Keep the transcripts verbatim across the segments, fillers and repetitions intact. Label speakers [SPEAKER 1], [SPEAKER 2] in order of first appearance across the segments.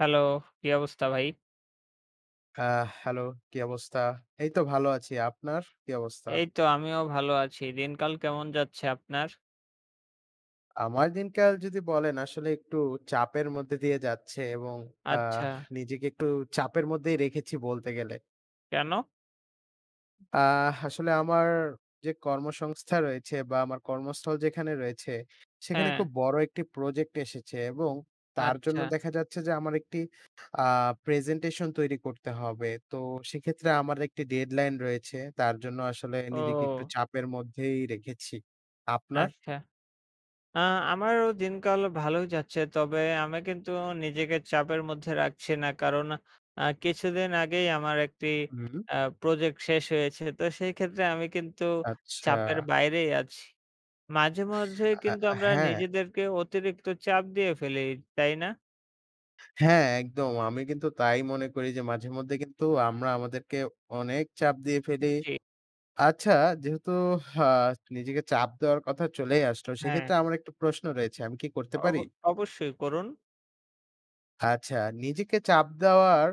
[SPEAKER 1] Hello! কী অবস্থা ভাই?
[SPEAKER 2] আ হ্যালো! কি অবস্থা? এই তো ভালো আছি আপনার কি অবস্থা?
[SPEAKER 1] এই তো আমিও ভালো আছি। দিনকাল কেমন যাচ্ছে আপনার?
[SPEAKER 2] আমার দিনকাল যদি বলেন, আসলে একটু চাপের মধ্যে দিয়ে যাচ্ছে এবং আ
[SPEAKER 1] আচ্ছা।
[SPEAKER 2] নিজেকে একটু চাপের মধ্যেই রেখেছি বলতে গেলে।
[SPEAKER 1] কেন?
[SPEAKER 2] আ আসলে আমার যে কর্মসংস্থা রয়েছে বা আমার কর্মস্থল যেখানে রয়েছে, সেখানে
[SPEAKER 1] হ্যাঁ।
[SPEAKER 2] খুব বড় একটি প্রজেক্ট এসেছে এবং তার জন্য
[SPEAKER 1] আচ্ছা।
[SPEAKER 2] দেখা যাচ্ছে যে আমার একটি আ প্রেজেন্টেশন তৈরি করতে হবে। তো সেক্ষেত্রে আমার একটি ডেডলাইন রয়েছে, তার জন্য আসলে নিজেকে একটু
[SPEAKER 1] ও!
[SPEAKER 2] চাপের মধ্যেই রেখেছি। আপনার?
[SPEAKER 1] আচ্ছা, আ আমারও দিনকাল ভালোই যাচ্ছে তবে আমি কিন্তু নিজেকে চাপের মধ্যে রাখছি না, কারণ আ কিছুদিন আগেই আমার একটি
[SPEAKER 2] হুম।
[SPEAKER 1] আ প্রজেক্ট শেষ হয়েছে তো সেই ক্ষেত্রে আমি কিন্তু চাপের
[SPEAKER 2] আচ্ছা।
[SPEAKER 1] বাইরেই আছি। মাঝে, মাঝে
[SPEAKER 2] আ
[SPEAKER 1] কিন্তু
[SPEAKER 2] আ
[SPEAKER 1] আমরা
[SPEAKER 2] হ্যাঁ।
[SPEAKER 1] নিজেদেরকে অতিরিক্ত চাপ দিয়ে ফেলি, তাই না?
[SPEAKER 2] হ্যাঁ একদম। আমি কিন্তু তাই মনে করি যে, মাঝে মধ্যে কিন্তু আমরা আমাদেরকে অনেক চাপ দিয়ে ফেলি।
[SPEAKER 1] জি।
[SPEAKER 2] আচ্ছা যেহেতু আ নিজেকে চাপ দেওয়ার কথা চলেই আসলো,
[SPEAKER 1] হ্যাঁ।
[SPEAKER 2] সেক্ষেত্রে আমার একটা প্রশ্ন রয়েছে আমি কি করতে
[SPEAKER 1] অব
[SPEAKER 2] পারি?
[SPEAKER 1] অবশ্যই করুন।
[SPEAKER 2] আচ্ছা, নিজেকে চাপ দেওয়ার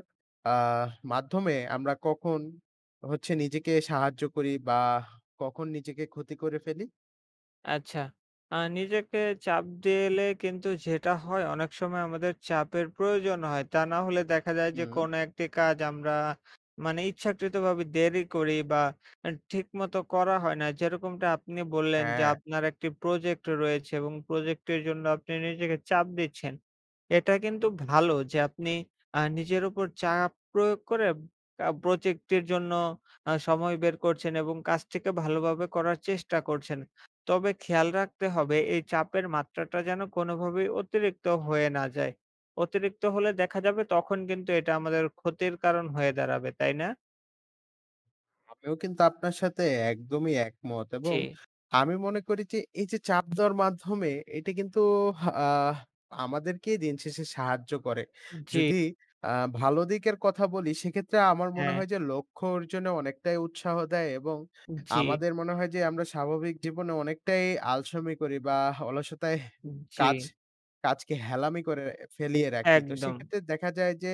[SPEAKER 2] আহ মাধ্যমে, আমরা কখন হচ্ছে নিজেকে সাহায্য করি? বা কখন নিজেকে ক্ষতি করে ফেলি?
[SPEAKER 1] আচ্ছা, আ নিজেকে চাপ দিয়ে এলে কিন্তু যেটা হয়, অনেক সময় আমাদের চাপের প্রয়োজন হয়। তা না হলে দেখা যায় যে,
[SPEAKER 2] হুম।
[SPEAKER 1] কোনো একটি কাজ আমরা মানে ইচ্ছাকৃতভাবে দেরি করি, বা আ ঠিক মতো করা হয় না। যেরকমটা আপনি বললেন যে,
[SPEAKER 2] হ্যাঁ।
[SPEAKER 1] আপনার একটি প্রজেক্ট রয়েছে এবং প্রজেক্ট এর জন্য আপনি নিজেকে চাপ দিচ্ছেন। এটা কিন্তু ভালো যে, আপনি আ নিজের উপর চাপ প্রয়োগ করে কা প্রজেক্ট এর জন্য আ সময় বের করছেন, এবং কাজটিকে ভালোভাবে করার চেষ্টা করছেন। তবে খেয়াল রাখতে হবে এই চাপের মাত্রাটা যেন কোনভাবেই অতিরিক্ত হয়ে না যায়। অতিরিক্ত হলে দেখা যাবে, তখন কিন্তু এটা আমাদের ক্ষতির কারণ হয়ে দাঁড়াবে, তাই না?
[SPEAKER 2] আমিও কিন্তু আপনার সাথে একদমই একমত, এবং
[SPEAKER 1] জি।
[SPEAKER 2] আমি মনে করি যে, এই যে, চাপ দেওয়ার মাধ্যমে এটা কিন্তু আহ আমাদেরকেই দিনশেষে সাহায্য করে।
[SPEAKER 1] উ জি।
[SPEAKER 2] যদি আ ভালো দিকের কথা বলি, সেক্ষেত্রে আমার মনে
[SPEAKER 1] হ্যাঁ।
[SPEAKER 2] হয় যে, লক্ষ্য অর্জনে অনেকটাই উৎসাহ দেয় এবং
[SPEAKER 1] উ জি।
[SPEAKER 2] আমাদের মনে হয় যে, আমরা স্বাভাবিক জীবনে অনেকটাই আলসমি করি, বা অলসতায়
[SPEAKER 1] উ
[SPEAKER 2] কাজ
[SPEAKER 1] জি।
[SPEAKER 2] কাজকে হেলামি করে ফেলিয়ে রাখি। তো
[SPEAKER 1] একদম।
[SPEAKER 2] সেক্ষেত্রে দেখা যায় যে,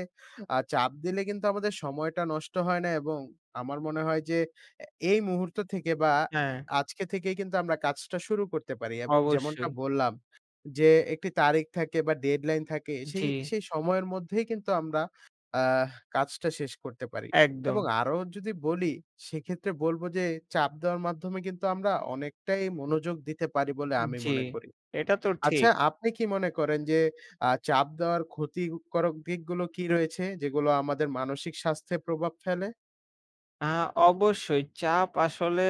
[SPEAKER 2] আ চাপ দিলে কিন্তু আমাদের সময়টা নষ্ট হয় না, এবং আমার মনে হয় যে, এ এই মুহূর্ত থেকে বা
[SPEAKER 1] হ্যাঁ।
[SPEAKER 2] আজকে থেকেই কিন্তু আমরা কাজটা শুরু করতে পারি, এবং যেমনটা
[SPEAKER 1] অবশ্যই।
[SPEAKER 2] বললাম যে, একটি তারিখ থাকে বা ডেডলাইন থাকে
[SPEAKER 1] উ
[SPEAKER 2] সেই
[SPEAKER 1] জি।
[SPEAKER 2] সেই সময়ের মধ্যেই কিন্তু আমরা আহ কাজটা শেষ করতে পারি। এবং
[SPEAKER 1] একদম।
[SPEAKER 2] আরো যদি বলি সেক্ষেত্রে বলব যে, চাপ দেওয়ার মাধ্যমে কিন্তু আমরা অনেকটাই মনোযোগ দিতে পারি বলে আমি
[SPEAKER 1] জি।
[SPEAKER 2] মনে করি।
[SPEAKER 1] এটা তো
[SPEAKER 2] আচ্ছা
[SPEAKER 1] ঠিক।
[SPEAKER 2] আপনি কি মনে করেন যে, আ চাপ দেওয়ার ক্ষতিকরক দিকগুলো কি রয়েছে? যেগুলো আমাদের মানসিক স্বাস্থ্যে প্রভাব ফেলে?
[SPEAKER 1] আ অবশ্যই। চাপ আসলে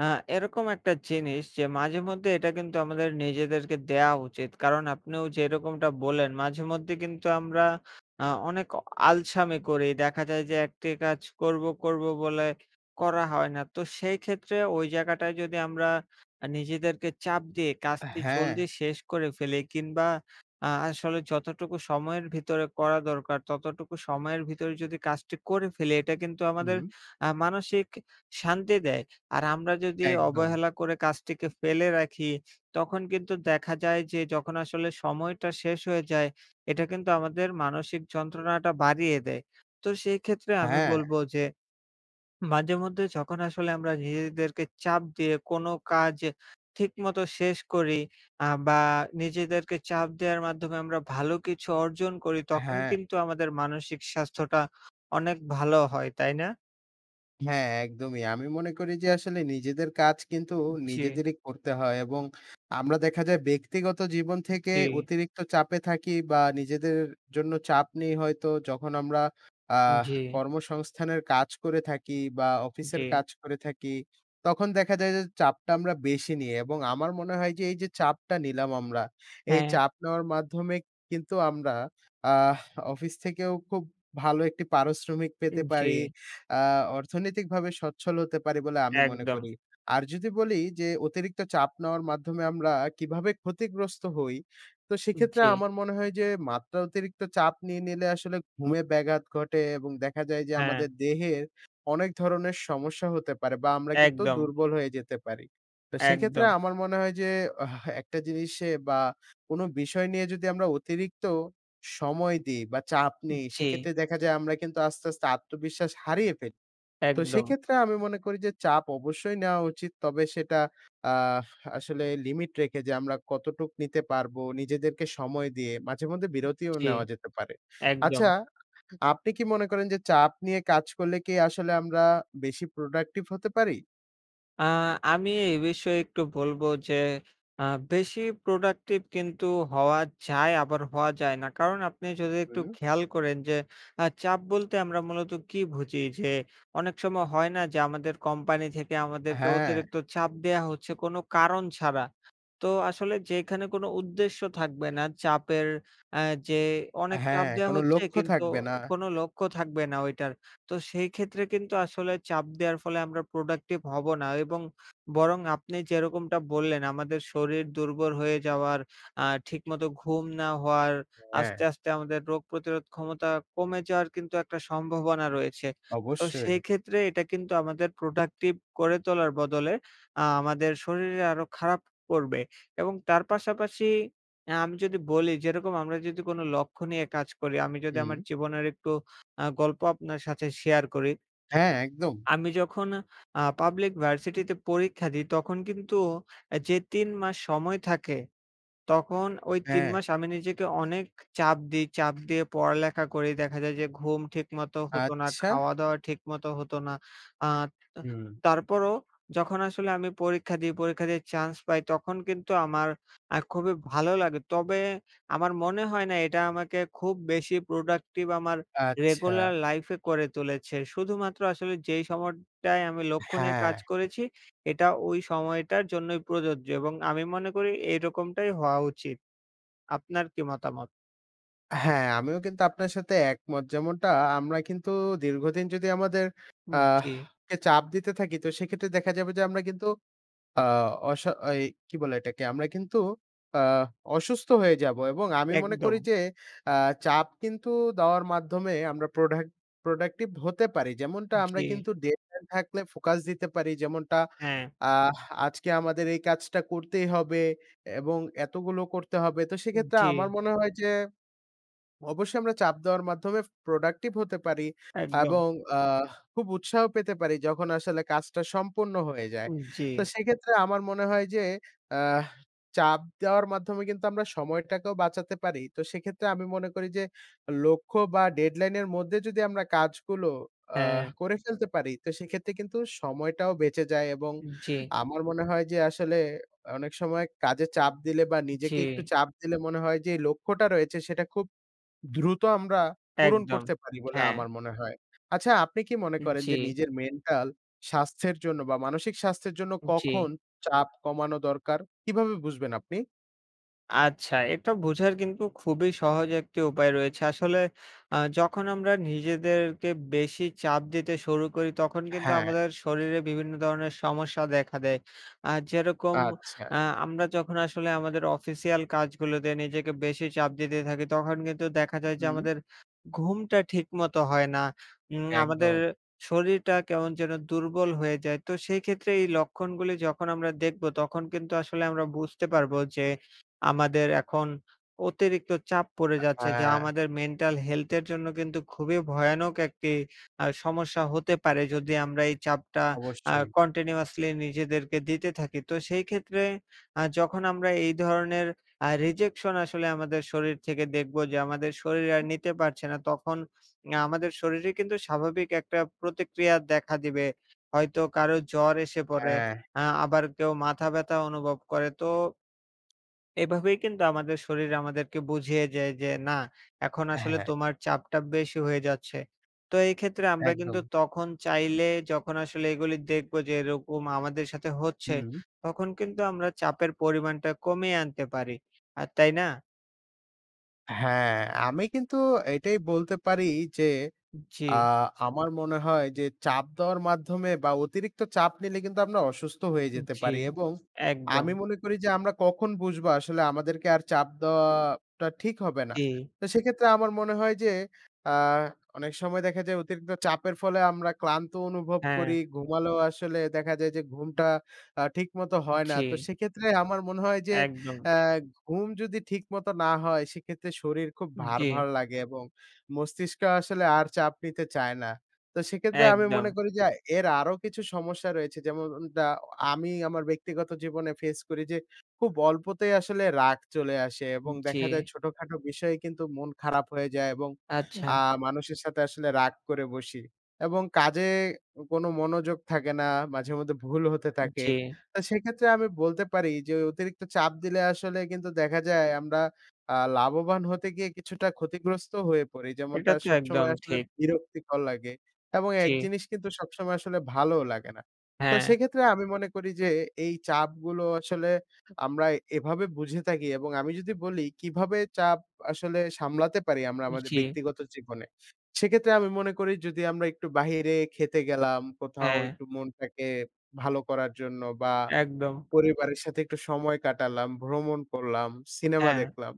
[SPEAKER 1] আ এরকম একটা জিনিস, যে, মাঝেমধ্যে এটা কিন্তু আমাদের নিজেদেরকে দেয়া উচিত। কারণ আপনিও যেরকমটা বললেন, মাঝেমধ্যে কিন্তু আমরা আ অনেক অ আলসামি করি। দেখা যায় যে, একটি কাজ করবো, করবো বলে করা হয় না। তো সেইক্ষেত্রে ওই জায়গাটায় যদি আমরা আ নিজেদেরকে চাপ দিয়ে
[SPEAKER 2] আ
[SPEAKER 1] কাজটি
[SPEAKER 2] হ্যাঁ।
[SPEAKER 1] জলদি শেষ করে ফেলি কিংবা আ আসলে যতটুকু সময়ের ভিতরে করা দরকার, ততটুকু সময়ের ভিতরে যদি কাজটি করে ফেলি, এটা কিন্তু আমাদের
[SPEAKER 2] হুম।
[SPEAKER 1] আ মানসিক শান্তি দেয়। আর আমরা যদি
[SPEAKER 2] একদম।
[SPEAKER 1] অবহেলা করে কাজটিকে ফেলে রাখি, তখন কিন্তু দেখা যায় যে, যখন আসলে সময়টা শেষ হয়ে যায়, এটা কিন্তু আমাদের মানসিক যন্ত্রণাটা বাড়িয়ে দেয়। তো সেইক্ষেত্রে আমি
[SPEAKER 2] হ্যাঁ।
[SPEAKER 1] বলবো যে, মাঝেমধ্যে যখন আসলে আমরা নিজেদেরকে চাপ দিয়ে কোন কাজ এ ঠিকমতো শেষ করি, আ বা, নিজেদেরকে চাপ দেওয়ার মাধ্যমে আমরা ভালো কিছু অর্জন করি, তখন
[SPEAKER 2] হ্যাঁ।
[SPEAKER 1] কিন্তু আমাদের মানসিক স্বাস্থ্যটা অনেক ভালো হয়, তাই না?
[SPEAKER 2] হ্যাঁ, একদমই। আমি মনে করি যে, আসলে নিজেদের কাজ কিন্তু
[SPEAKER 1] উ জি।
[SPEAKER 2] নিজেদেরই করতে হয়। এবং আমরা দেখা যায় ব্যক্তিগত জীবন
[SPEAKER 1] উ
[SPEAKER 2] থেকে
[SPEAKER 1] জি।
[SPEAKER 2] অতিরিক্ত চাপে থাকি বা নিজেদের জন্য চাপ নেই হয়তো, যখন আমরা আ
[SPEAKER 1] উম জি।
[SPEAKER 2] কর্মসংস্থানের কাজ করে থাকি বা অফিসের
[SPEAKER 1] জি।
[SPEAKER 2] কাজ করে থাকি, তখন দেখা যায় যে, চাপটা আমরা বেশি নিই। এবং আমার মনে হয় যে, এই যে, চাপটা নিলাম আমরা, এই
[SPEAKER 1] হ্যাঁ।
[SPEAKER 2] চাপ নেওয়ার মাধ্যমে কিন্তু আমরা আহ অফিস থেকেও খুব ভালো একটি পারিশ্রমিক পেতে
[SPEAKER 1] উম
[SPEAKER 2] পারি,
[SPEAKER 1] জি।
[SPEAKER 2] আ অর্থনৈতিকভাবে সচ্ছল হতে পারি বলে আমি মনে
[SPEAKER 1] একদম।
[SPEAKER 2] করি। আর যদি বলি যে, অতিরিক্ত চাপ নেওয়ার মাধ্যমে আমরা কীভাবে ক্ষতিগ্রস্ত হই? তো
[SPEAKER 1] উম
[SPEAKER 2] সেক্ষেত্রে
[SPEAKER 1] জি।
[SPEAKER 2] আমার মনে হয় যে, মাত্রা অতিরিক্ত চাপ নিয়ে নিলে আসলে, ঘুমের ব্যাঘাত ঘটে এবং দেখা যায় যে,
[SPEAKER 1] হ্যাঁ।
[SPEAKER 2] আমাদের দেহের অনেক ধরনের সমস্যা হতে পারে বা আমরা কিন্তু
[SPEAKER 1] একদম।
[SPEAKER 2] দুর্বল হয়ে যেতে পারি। তো সেক্ষেত্রে
[SPEAKER 1] একদম।
[SPEAKER 2] আমার মনে হয় যে, হা এক টা জিনিসে বা কোনো বিষয় নিয়ে যদি আমরা অতিরিক্ত সময় দিই বা চাপ
[SPEAKER 1] উ
[SPEAKER 2] নেই,
[SPEAKER 1] জি।
[SPEAKER 2] সেক্ষেত্রে দেখা যায় আমরা কিন্তু আস্তে, আস্তে আত্মবিশ্বাস হারিয়ে ফেলি। তো
[SPEAKER 1] একদম।
[SPEAKER 2] সেক্ষেত্রে আমি মনে করি যে, চাপ অবশ্যই নেওয়া উচিত। তবে সেটা আ আসলে লিমিট রেখে যে, আমরা কতটুকু নিতে পারবো, নিজেদেরকে সময় দিয়ে? মাঝেমধ্যে
[SPEAKER 1] উ
[SPEAKER 2] বিরতিও
[SPEAKER 1] জি,
[SPEAKER 2] নেওয়া যেতে পারে।
[SPEAKER 1] একদম।
[SPEAKER 2] আচ্ছা আপনি কি মনে করেন যে, চাপ নিয়ে কাজ করলে কি আসলে আমরা, বেশি প্রোডাক্টিভ হতে পারি?
[SPEAKER 1] আ আমি এই বিষয়ে একটু বলবো যে, আ বেশি প্রোডাক্টিভ কিন্তু হওয়া যায়, আবার হওয়া যায় না। কারণ, আপনি যদি একটু
[SPEAKER 2] হুম।
[SPEAKER 1] খেয়াল করেন যে, আ চাপ বলতে আমরা মূলত কি বুঝি? যে, অনেক সময় হয় না? যে, আমাদের কোম্পানি থেকে আমাদেরকে
[SPEAKER 2] হ্যাঁ।
[SPEAKER 1] অতিরিক্ত চাপ দেয়া হচ্ছে কোন কারণ ছাড়া। তো আসলে যেখানে কোনো উদ্দেশ্য থাকবে না চাপের আ যে, অনেক চাপ
[SPEAKER 2] হ্যাঁ,
[SPEAKER 1] দেওয়া
[SPEAKER 2] কোনো
[SPEAKER 1] হচ্ছে,
[SPEAKER 2] লক্ষ্য
[SPEAKER 1] কিন্তু
[SPEAKER 2] থাকবে না।
[SPEAKER 1] কোন লক্ষ্য থাকবে না ওইটার। তো সেইক্ষেত্রে কিন্তু আসলে চাপ দেওয়ার ফলে আমরা প্রোডাক্টিভ হবো না এবং বরং আপনি যেরকমটা বললেন, আমাদের শরীর দুর্বল হয়ে যাওয়ার, আ ঠিকমতো ঘুম না হওয়ার,
[SPEAKER 2] হ্যাঁ।
[SPEAKER 1] আস্তে, আস্তে আমাদের রোগ প্রতিরোধ ক্ষমতা কমে যাওয়ার কিন্তু একটা সম্ভাবনা রয়েছে। তো
[SPEAKER 2] অবশ্যই।
[SPEAKER 1] সেইক্ষেত্রে এটা কিন্তু আমাদের প্রোডাক্টিভ করে তোলার বদলে আ আমাদের শরীরে আরো খারাপ করবে। এবং তার পাশাপাশি আ আমি যদি বলি, যেরকম আমরা যদি কোন লক্ষ্য নিয়ে কাজ করি আমি যদি আমার
[SPEAKER 2] জি।
[SPEAKER 1] জীবনের একটু আ গল্প আপনার সাথে শেয়ার করি
[SPEAKER 2] হ্যাঁ, একদম।
[SPEAKER 1] আমি যখন আ পাবলিক ভার্সিটিতে পরীক্ষা দিই, তখন কিন্তু আ যে, তিন মাস সময় থাকে। তখন ওই তিন
[SPEAKER 2] হ্যাঁ।
[SPEAKER 1] মাস আমি নিজেকে অনেক চাপ দিই চাপ দিয়ে পড়ালেখা করি। দেখা যায় যে, ঘুম ঠিকমতো হতো না,
[SPEAKER 2] আচ্ছা।
[SPEAKER 1] খাওয়াদাওয়া ঠিকমতো হতো না। আ তা
[SPEAKER 2] হুম।
[SPEAKER 1] তারপরও যখন আসলে আমি পরীক্ষা দিই, পরীক্ষা দিয়ে চান্স পাই, তখন কিন্তু আমার আ খুবই ভালো লাগে। তবে আমার মনে হয় না এটা আমাকে খুব বেশি প্রোডাক্টিভ আমার
[SPEAKER 2] আচ্ছা।
[SPEAKER 1] রেগুলার লাইফে করে তুলেছে। শুধুমাত্র আসলে যেই সময়টায় আমি লক্ষ্য নিয়ে
[SPEAKER 2] হ্যাঁ।
[SPEAKER 1] কাজ করেছি, এটা ওই সময়টার জন্যই প্রযোজ্য এবং আমি মনে করি এইরকমটাই হওয়া উচিত। আপনার কি মতামত?
[SPEAKER 2] হ্যাঁ, আমিও কিন্তু আপনার সাথে একমত যেমনটা আমরা কিন্তু দীর্ঘদিন যদি আমাদের আ
[SPEAKER 1] হুম, জি।
[SPEAKER 2] কে চাপ দিতে থাকি তো সেক্ষেত্রে দেখা যাবে যে, আমরা কিন্তু আ অসা এই কি বলে এটাকে? আমরা কিন্তু আ অসুস্থ হয়ে যাবো। এবং আমি মনে করি
[SPEAKER 1] একদম।
[SPEAKER 2] যে, আ চাপ কিন্তু দেওয়ার মাধ্যমে আমরা প্রোডা প্রোডাক্টিভ হতে পারি। যেমনটা আমরা
[SPEAKER 1] জি।
[SPEAKER 2] কিন্তু ডেডলাইন থাকলে ফোকাস দিতে পারি। যেমনটা
[SPEAKER 1] হ্যাঁ।
[SPEAKER 2] আ আজকে আমাদের এই কাজটা করতেই হবে এবং এতগুলো করতে হবে। তো
[SPEAKER 1] উম
[SPEAKER 2] সেক্ষেত্রে
[SPEAKER 1] জি।
[SPEAKER 2] আমার মনে হয় যে, অবশ্যই আমরা চাপ দেওয়ার মাধ্যমে প্রোডাক্টিভ হতে পারি
[SPEAKER 1] একদম।
[SPEAKER 2] এবং আ খুব উৎসাহ পেতে পারি যখন আসলে কাজটা সম্পূর্ণ হয়ে যায়।
[SPEAKER 1] উম জি।
[SPEAKER 2] তো সেক্ষেত্রে আমার মনে হয় যে, আ চাপ দেওয়ার মাধ্যমে কিন্তু আমরা সময়টাকেও বাঁচাতে পারি। তো সেক্ষেত্রে আমি মনে করি যে, লক্ষ্য বা ডেডলাইন এর মধ্যে যদি আমরা কাজগুলো আ
[SPEAKER 1] হ্যাঁ।
[SPEAKER 2] করে ফেলতে পারি তো সেক্ষেত্রে কিন্তু সময়টাও বেঁচে যায় এবং
[SPEAKER 1] উম জি।
[SPEAKER 2] আমার মনে হয় যে, আসলে অনেক সময় কাজে চাপ দিলে বা
[SPEAKER 1] জি।
[SPEAKER 2] নিজেকে একটু চাপ দিলে মনে হয় যে, এই লক্ষ্যটা রয়েছে সেটা খুব দ্রুত আমরা পূরণ
[SPEAKER 1] একদম,
[SPEAKER 2] করতে পারি বলে
[SPEAKER 1] হ্যাঁ।
[SPEAKER 2] আমার মনে হয়। আচ্ছা আপনি কি মনে
[SPEAKER 1] উম
[SPEAKER 2] করেন
[SPEAKER 1] জি।
[SPEAKER 2] যে, নিজের মেন্টাল স্বাস্থ্যের জন্য বা মানসিক স্বাস্থ্যের জন্য
[SPEAKER 1] উম জি।
[SPEAKER 2] কখন চাপ কমানো দরকার? কিভাবে বুঝবেন আপনি?
[SPEAKER 1] আচ্ছা এটা বোঝার কিন্তু খুবই সহজ একটি উপায় রয়েছে। আসলে আ যখন আমরা নিজেদেরকে বেশি চাপ দিতে শুরু করি তখন কিন্তু
[SPEAKER 2] হ্যাঁ।
[SPEAKER 1] আমাদের শরীরে বিভিন্ন ধরনের সমস্যা দেখা দেয়। আ যেরকম
[SPEAKER 2] আচ্ছা।
[SPEAKER 1] আ আমরা যখন আসলে আমাদের অফিসিয়াল কাজগুলোতে নিজেকে বেশি চাপ দিতে থাকি তখন কিন্তু দেখা যায় যে,
[SPEAKER 2] হুম।
[SPEAKER 1] আমাদের ঘুমটা ঠিকমতো হয় না। উম আমাদের
[SPEAKER 2] একদম।
[SPEAKER 1] শরীরটা কেমন যেন দুর্বল হয়ে যায়। তো সেই ক্ষেত্রে এই লক্ষণগুলি যখন আমরা দেখব তখন কিন্তু আসলে আমরা বুঝতে পারবো যে, আমাদের এখন অতিরিক্ত চাপ পড়ে
[SPEAKER 2] আ
[SPEAKER 1] যাচ্ছে যা
[SPEAKER 2] হ্যাঁ।
[SPEAKER 1] আমাদের মেন্টাল হেলথ এর জন্য কিন্তু খুবই ভয়ানক একটি আ সমস্যা হতে পারে যদি আমরা এই চাপটা আ
[SPEAKER 2] অবশ্যই।
[SPEAKER 1] কন্টিনিউয়াসলি নিজেদেরকে দিতে থাকি। তো সেই ক্ষেত্রে আ যখন আমরা এই ধরনের আ রিজেকশন আসলে আমাদের শরীর থেকে দেখব যে, আমাদের শরীর আর
[SPEAKER 2] হুম।
[SPEAKER 1] নিতে পারছে না তখন আ আমাদের শরীরে কিন্তু স্বাভাবিক একটা প্রতিক্রিয়া দেখা দিবে। হয়তো কারো জ্বর এসে পড়ে।
[SPEAKER 2] হ্যাঁ।
[SPEAKER 1] আ আবার কেউ মাথা ব্যথা অনুভব করে। তো এভাবেই কিন্তু আমাদের শরীর আমাদেরকে বুঝিয়ে যায় যে, না এখন আসলে
[SPEAKER 2] হ্যাঁ।
[SPEAKER 1] তোমার চাপটা বেশি হয়ে যাচ্ছে। তো এই ক্ষেত্রে আমরা কিন্তু
[SPEAKER 2] একদম।
[SPEAKER 1] তখন চাইলে যখন আসলে এগুলো দেখবো যে, এরকম আমাদের সাথে হচ্ছে
[SPEAKER 2] হুম।
[SPEAKER 1] তখন কিন্তু আমরা চাপের পরিমাণটা কমিয়ে আনতে পারি। আ তাই না?
[SPEAKER 2] হ্যাঁ, আমি কিন্তু এটাই বলতে পারি যে,
[SPEAKER 1] উ
[SPEAKER 2] আ
[SPEAKER 1] জি।
[SPEAKER 2] আমার মনে হয় যে, চাপ দেওয়ার মাধ্যমে বা, অতিরিক্ত চাপ নিলে কিন্তু আমরা অসুস্থ হয়ে
[SPEAKER 1] উ
[SPEAKER 2] যেতে
[SPEAKER 1] জি,
[SPEAKER 2] পারি এবং
[SPEAKER 1] একদম।
[SPEAKER 2] আমি মনে করি যে, আমরা কখন বুঝবো আসলে আমাদেরকে আর চাপ দেওয়াটা ঠিক হবে না?
[SPEAKER 1] জি।
[SPEAKER 2] তো সেক্ষেত্রে আমার মনে হয় যে, আ অনেক সময় দেখা যায় অতিরিক্ত চাপের ফলে আমরা ক্লান্ত অনুভব
[SPEAKER 1] হ্যাঁ।
[SPEAKER 2] করি। ঘুমালেও আসলে দেখা যায় যে, ঘুমটা আ ঠিকমতো হয় না। তো
[SPEAKER 1] জি।
[SPEAKER 2] সেক্ষেত্রে আমার মনে হয় যে,
[SPEAKER 1] একদম।
[SPEAKER 2] অ্যা ঘুম যদি ঠিকমতো না হয়, সেক্ষেত্রে শরীর খুব ভার,
[SPEAKER 1] জি।
[SPEAKER 2] ভার লাগে এবং মস্তিষ্ক আসলে আর চাপ নিতে চায় না। তো সেক্ষেত্রে আমি মনে
[SPEAKER 1] একদম।
[SPEAKER 2] করি যে, এর আরো কিছু সমস্যা রয়েছে। যেমন উন দা আমি আমার ব্যক্তিগত জীবনে ফেস করি। যে, খুব অল্পতেই আসলে রাগ চলে আসে এবং দেখা যায়
[SPEAKER 1] জি।
[SPEAKER 2] ছোটখাটো বিষয়ে কিন্তু মন খারাপ হয়ে যায় এবং
[SPEAKER 1] আচ্ছা।
[SPEAKER 2] আ মানুষের সাথে আসলে রাগ করে বসি। এবং কাজে কোনো মনোযোগ থাকে না, মাঝেমধ্যে ভুল হতে থাকে।
[SPEAKER 1] জি।
[SPEAKER 2] তো সেক্ষেত্রে আমি বলতে পারি যে, অতিরিক্ত চাপ দিলে আসলে কিন্তু দেখা যায় আমরা আ লাভবান হতে গিয়ে কিছুটা ক্ষতিগ্রস্ত হয়ে পড়ি।
[SPEAKER 1] এটা
[SPEAKER 2] যেমনটা
[SPEAKER 1] তো একদম
[SPEAKER 2] সবসময় আসলে
[SPEAKER 1] ঠিক।
[SPEAKER 2] বিরক্তিকর লাগে এবং এক
[SPEAKER 1] জি।
[SPEAKER 2] জিনিস কিন্তু সবসময় আসলে ভালোও লাগে না। তো
[SPEAKER 1] হ্যাঁ।
[SPEAKER 2] সেক্ষেত্রে আমি মনে করি যে, এই চাপগুলো আসলে আমরা এভাবে বুঝে থাকি। এবং আমি যদি বলি কিভাবে চাপ আসলে সামলাতে পারি আমরা আমাদের
[SPEAKER 1] জি।
[SPEAKER 2] ব্যক্তিগত জীবনে? সেক্ষেত্রে আমি মনে করি যদি আমরা একটু বাহিরে খেতে গেলাম কোথাও
[SPEAKER 1] হ্যাঁ।
[SPEAKER 2] একটু মনটাকে ভালো করার জন্য বা,
[SPEAKER 1] একদম।
[SPEAKER 2] পরিবারের সাথে একটু সময় কাটালাম, ভ্রমণ করলাম, সিনেমা
[SPEAKER 1] হ্যাঁ।
[SPEAKER 2] দেখলাম।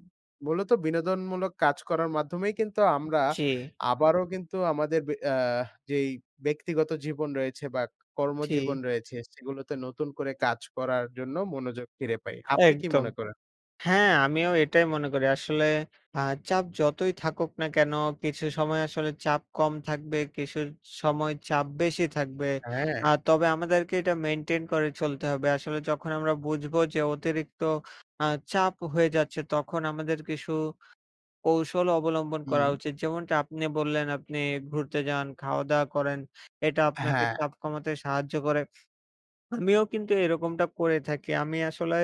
[SPEAKER 2] মূলত বিনোদনমূলক কাজ করার মাধ্যমেই কিন্তু
[SPEAKER 1] উ
[SPEAKER 2] আমরা
[SPEAKER 1] জি।
[SPEAKER 2] আবারও কিন্তু আমাদের বে অ্যা যেই ব্যক্তিগত জীবন রয়েছে বা, কর্মজীবন
[SPEAKER 1] জি।
[SPEAKER 2] রয়েছে, সেগুলোতে নতুন করে কাজ করার জন্য মনোযোগ ফিরে পাই। আপনি কি
[SPEAKER 1] একদম।
[SPEAKER 2] মনে করেন?
[SPEAKER 1] হ্যাঁ, আমিও এটাই মনে করি। আসলে আ চাপ যতই থাকুক না কেন? কিছু সময় আসলে চাপ কম থাকবে, কিছু সময় চাপ বেশি থাকবে।
[SPEAKER 2] হ্যাঁ।
[SPEAKER 1] আ তবে আমাদেরকে এটা মেইনটেইন করে চলতে হবে। আসলে যখন আমরা বুঝবো যে, অতিরিক্ত আ চাপ হয়ে যাচ্ছে, তখন আমাদের কিছু কৌশল অবলম্বন করা
[SPEAKER 2] হুম।
[SPEAKER 1] উচিত। যেমনটা আপনি বললেন আপনি ঘুরতে যান, খাওয়া-দাওয়া করেন। এটা আপনাকে
[SPEAKER 2] হ্যাঁ।
[SPEAKER 1] চাপ কমাতে সাহায্য করে। আমিও কিন্তু এরকমটা করে থাকি। আমি আসলে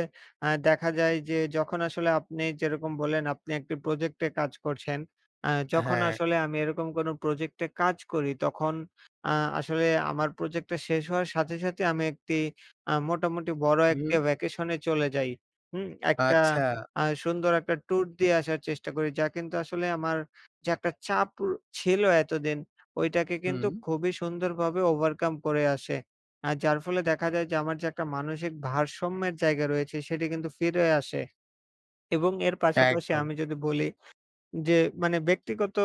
[SPEAKER 1] আ দেখা যায় যে, যখন আসলে আপনি যেরকম বললেন আপনি একটি প্রজেক্টে কাজ করছেন, আ যখন
[SPEAKER 2] হ্যাঁ।
[SPEAKER 1] আসলে আমি এরকম কোন প্রজেক্টে কাজ করি, তখন আ আসলে আমার প্রজেক্টটা শেষ হওয়ার সাথে, সাথে আমি একটি আ মোটামুটি বড় একটি
[SPEAKER 2] হুম।
[SPEAKER 1] ভ্যাকেশনে চলে যাই। হুম? একটা
[SPEAKER 2] আচ্ছা।
[SPEAKER 1] আ সুন্দর একটা ট্যুর দিয়ে আসার চেষ্টা করি যা কিন্তু আসলে আমার যে, একটা চাপ র ছিল এতদিন, ওইটাকে কিন্তু
[SPEAKER 2] হুম।
[SPEAKER 1] খুবই সুন্দরভাবে ওভারকাম করে আসে। আ যার ফলে দেখা যায় যে, আমার যে, একটা মানসিক ভারসাম্যের জায়গা রয়েছে, সেটি কিন্তু ফিরে আসে এবং এর পাশাপাশি
[SPEAKER 2] একদম।
[SPEAKER 1] আমি যদি বলি যে, মানে ব্যক্তিগত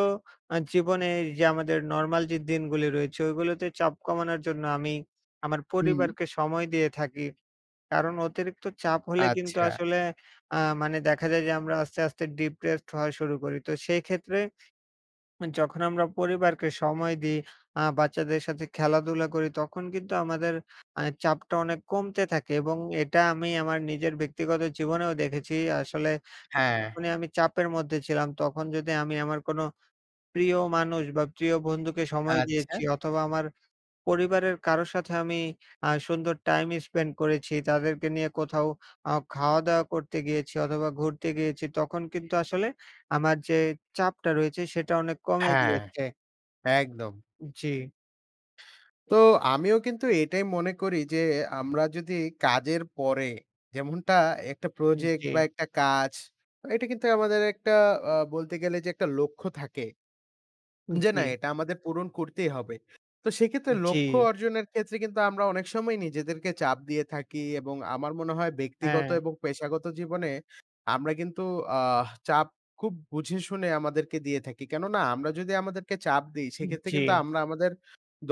[SPEAKER 1] আ জীবনে এইযে আমাদের নরমাল যে, দিনগুলো রয়েছে, ওইগুলোতে চাপ কমানোর জন্য আমি আমার
[SPEAKER 2] হুম।
[SPEAKER 1] পরিবারকে সময় দিয়ে থাকি কারণ অতিরিক্ত চাপ হলে কিন্তু
[SPEAKER 2] আচ্ছা।
[SPEAKER 1] আসলে আ মানে দেখা যায় যে, আমরা আস্তে, আস্তে ডিপ্রেসড হওয়া শুরু করি। তো সেক্ষেত্রে যখন আমরা পরিবারকে সময় দিই, আ বাচ্চাদের সাথে খেলাধুলা করি, তখন কিন্তু আমাদের আ চাপটা অনেক কমতে থাকে এবং এটা আমি আমার নিজের ব্যক্তিগত জীবনেও দেখেছি। আসলে
[SPEAKER 2] হ্যাঁ।
[SPEAKER 1] যখনই আমি চাপের মধ্যে ছিলাম, তখন যদি আমি আমার কোনো প্রিয় মানুষ বা, প্রিয় বন্ধুকে সময়
[SPEAKER 2] আচ্ছা।
[SPEAKER 1] দিয়েছি অথবা, আমার পরিবারের কারোর সাথে আমি আ সুন্দর টাইম স্পেন্ড করেছি, তাদেরকে নিয়ে কোথাও আ খাওয়া-দাওয়া করতে গিয়েছি অথবা, ঘুরতে গিয়েছি, তখন কিন্তু আসলে আমার যে, চাপটা রয়েছে, সেটা অনেক কমে
[SPEAKER 2] হ্যাঁ,
[SPEAKER 1] গিয়েছে।
[SPEAKER 2] একদম।
[SPEAKER 1] উ জি।
[SPEAKER 2] তো আমিও কিন্তু এটাই মনে করি যে, আমরা যদি কাজের পরে যেমনটা একটা
[SPEAKER 1] উম
[SPEAKER 2] প্রজেক্ট
[SPEAKER 1] জি।
[SPEAKER 2] বা একটা কাজ, এটা কিন্তু আমাদের একটা আ বলতে গেলে যে একটা লক্ষ্য থাকে। যে, "না
[SPEAKER 1] জি।
[SPEAKER 2] এটা আমাদের পূরণ করতেই হবে।" তো সেইক্ষেত্রে লক্ষ্য
[SPEAKER 1] জি।
[SPEAKER 2] অর্জনের ক্ষেত্রে কিন্তু আমরা অনেক সময় নিজেদেরকে চাপ দিয়ে থাকি এবং আমার মনে হয় ব্যক্তিগত
[SPEAKER 1] হ্যাঁ।
[SPEAKER 2] এবং পেশাগত জীবনে আমরা কিন্তু আহ চাপ খুব বুঝে শুনে আমাদেরকে দিয়ে থাকি। কেননা আমরা যদি আমাদেরকে চাপ দিই,
[SPEAKER 1] উ
[SPEAKER 2] সেক্ষেত্রে
[SPEAKER 1] জি।
[SPEAKER 2] কিন্তু আমরা আমাদের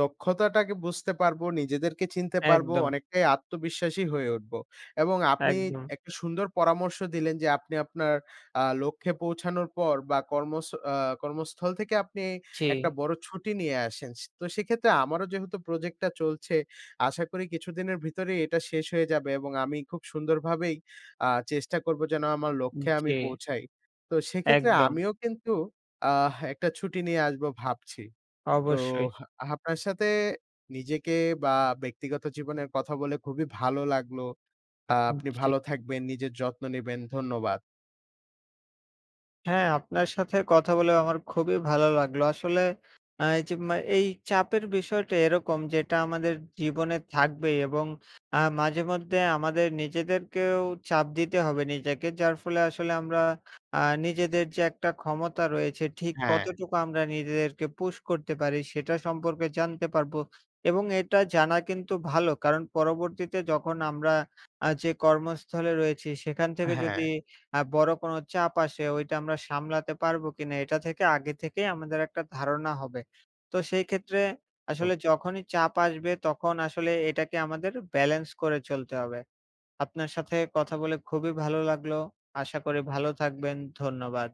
[SPEAKER 2] দক্ষতাটাকে বুঝতে পারবো, নিজেদেরকে চিনতে পারবো,
[SPEAKER 1] একদম।
[SPEAKER 2] অনেকটাই আত্মবিশ্বাসী হয়ে উঠবো এবং আপনি
[SPEAKER 1] একদম।
[SPEAKER 2] একটা সুন্দর পরামর্শ দিলেন, যে আপনি আপনার আ লক্ষ্যে পৌঁছানোর পর বা কর্মস আ কর্মস্থল থেকে আপনি একটা
[SPEAKER 1] জি।
[SPEAKER 2] বড় ছুটি নিয়ে আসেন। সে তো সেক্ষেত্রে আমারও যেহেতু প্রজেক্টটা চলছে, আশা করি কিছুদিনের ভিতরেই এটা শেষ হয়ে যাবে এবং আমি খুব সুন্দরভাবেই আ চেষ্টা করব যেন আমার
[SPEAKER 1] উম
[SPEAKER 2] লক্ষ্যে আমি
[SPEAKER 1] জি।
[SPEAKER 2] পৌঁছাই। তো সেক্ষেত্রে
[SPEAKER 1] একদম।
[SPEAKER 2] আমিও কিন্তু আহ একটা ছুটি নিয়ে আসবো ভাবছি। তোহ
[SPEAKER 1] অবশ্যই।
[SPEAKER 2] হা আহাফনার সাথে নিজেকে বা ব্যক্তিগত জীবনের কথা বলে খুবই ভালো লাগলো।
[SPEAKER 1] উম
[SPEAKER 2] আপনি
[SPEAKER 1] জি।
[SPEAKER 2] ভালো থাকবেন, নিজের যত্ন নিবেন। ধন্যবাদ।
[SPEAKER 1] হ্যাঁ, আপনার সাথে কথা বলেও আমার খুবই ভালো লাগলো। আসলে আ এই যে মা এই চাপের বিষয়টা এরকম যেটা আমাদের জীবনে থাকবেই এবং আ মাঝেমধ্যে আমাদের নিজেদেরকেও চাপ দিতে হবে নিজেকে, যার ফলে আসলে আমরা আ নিজেদের যে একটা ক্ষমতা রয়েছে, ঠিক
[SPEAKER 2] হ্যাঁ।
[SPEAKER 1] কতটুকু আমরা নিজেদেরকে পুশ করতে পারি সেটা সম্পর্কে জানতে পারবো। এবং এটা জানা কিন্তু ভালো, কারণ পরবর্তীতে যখন আমরা আ যে কর্মস্থলে রয়েছি সেখান থেকে যদি
[SPEAKER 2] হ্যাঁ।
[SPEAKER 1] আ বড় কোন চাপ আসে ওইটা আমরা সামলাতে পারবো কিনা এটা থেকে আগে থেকেই আমাদের একটা ধারণা হবে। তো সেই ক্ষেত্রে
[SPEAKER 2] তো
[SPEAKER 1] আসলে যখনই চাপ আসবে, তখন আসলে এটাকে আমাদের ব্যালেন্স করে চলতে হবে। আপনার সাথে কথা বলে খুবই ভালো লাগলো। আশা করি ভালো থাকবেন। ধন্যবাদ।